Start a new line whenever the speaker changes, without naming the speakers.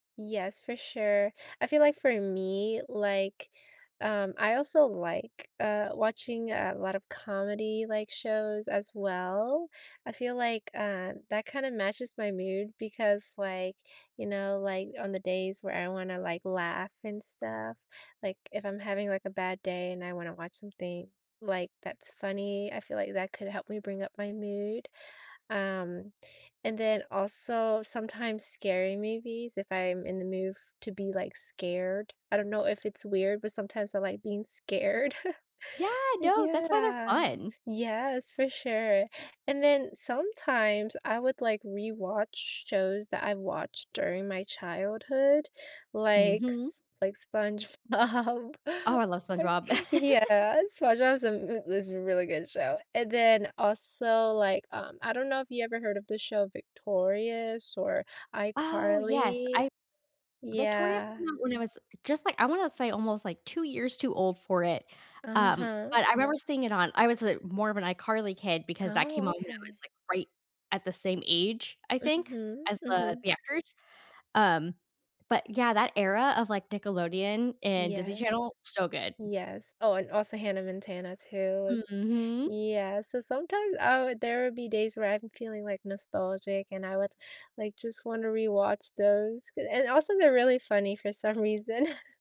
Yes, for sure, I feel like for me, like, um, I also like, uh, watching a lot of comedy, like, shows as well, I feel like, uh, that kinda matches my mood because, like, you know, like, on the days where I wanna, like, laugh and stuff, like, if I'm having, like, a bad day and I wanna watch something, like, that's funny, I feel like that could help me bring up my mood, um, and then also, sometimes scary movies if I'm in the mood f to be, like, scared, I don't know if it's weird, but sometimes I like being scared.
Yeah, no, that's why they're
Yeah
fun.
Yes, for sure, and then sometimes, I would, like, rewatch shows that I watched during my childhood, like
Mhm.
S like, SpongeBob.
Oh, I love SpongeBob.
Yeah. SpongeBob's a m is a really good show, and then also, like, um, I don't know if you ever heard of the show Victorious or
Oh, yes,
iCarly?
I Victorious
Yeah.
came out when I was just, like, I wanna say almost, like, 2 years too old for it, um,
Uh-huh.
but I remember seeing it on I was, uh, more of an iCarly kid because that came
Oh,
out when I was,
okay.
like, right at the same age, I think,
Mhm,
as the
mhm.
the actors, um, but yeah, that era of, like, Nickelodeon and Disney
Yes.
Channel, so good.
Yes, oh, and also Hannah Montana, too is
Mhm.
Yes, so sometimes I would there would be days where I'm feeling, like, nostalgic, and I would, like, just wanna rewatch those, 'cau and also they're really funny for some reason.